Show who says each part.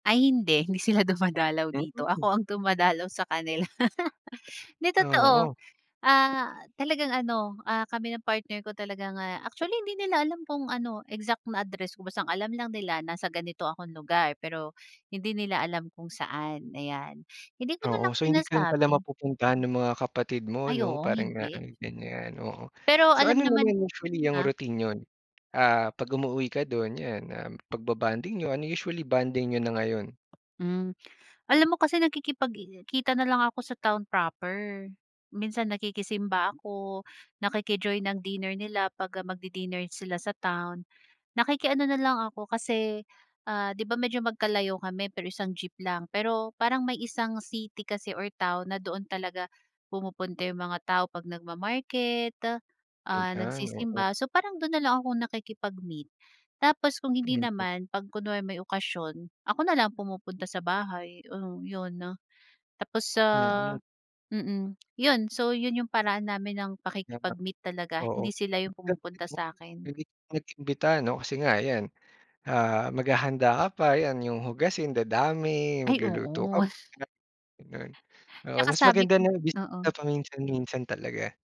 Speaker 1: Ay hindi, hindi sila dumadalaw dito.
Speaker 2: Mm.
Speaker 1: Ako ang dumadalaw sa kanila. 'Di totoo,
Speaker 2: Oo.
Speaker 1: ah, talagang ano, ah, kami ng partner ko talagang, ah actually hindi nila alam kung ano exact na address ko. Basta ang alam lang nila, nasa ganito akong lugar pero hindi nila alam kung saan, ayan. Hindi ko
Speaker 2: Oo,
Speaker 1: nalang
Speaker 2: so hindi ka rin pala
Speaker 1: sinasabi.
Speaker 2: mapupuntahan ng mga kapatid mo
Speaker 1: Ay,
Speaker 2: 'no?
Speaker 1: oo,
Speaker 2: Parang nga
Speaker 1: hindi.
Speaker 2: ganyan, oo.
Speaker 1: Pero
Speaker 2: So,
Speaker 1: alam
Speaker 2: ano
Speaker 1: naman
Speaker 2: naman usually ang
Speaker 1: ha?
Speaker 2: routine niyo? Ah, 'pag umuuwi ka do'n, yan, um, pagbo-bonding niyo, ano usually bonding niyo na ngayon?
Speaker 1: Hmm, alam mo kasi nakikipagkita na lang ako sa town proper. Minsan nakikisimba ako, nakiki-join ng dinner nila 'pag, ah, magdi-dinner sila sa town. Nakiki-ano na lang ako kasi, ah, di ba medyo magkalayo kami pero isang jeep lang pero parang may isang city kasi or town na doon talaga pumupunta yung mga tao 'pag nagma-market, ah,
Speaker 2: Ganyan, oo.
Speaker 1: nagsisimba. So parang do'n nalang akong nakikipag-meet, tapos kung hindi
Speaker 2: Mm.
Speaker 1: naman, 'pag kunwari may okasyon, ako nalang pumupunta sa bahay. Oh, yun. Tapos sa
Speaker 2: Mm.
Speaker 1: mm. Yun. So yun yung paraan namin ng
Speaker 2: Tama.
Speaker 1: pakikipag-meet talaga,
Speaker 2: Oo,
Speaker 1: hindi sila yung pumupunta
Speaker 2: [unintelligible]
Speaker 1: sa'kin.
Speaker 2: nag-imbita 'no? Kasi nga yan, ah, maghahanda ka pa, yan, yung hugasin dadami,
Speaker 1: Ay
Speaker 2: magluluto ka
Speaker 1: oo.
Speaker 2: pa, ganun. Oo,
Speaker 1: Tsaka
Speaker 2: mas
Speaker 1: sabi
Speaker 2: maganda
Speaker 1: ko
Speaker 2: na bumisita
Speaker 1: oo.
Speaker 2: paminsan-minsan talaga.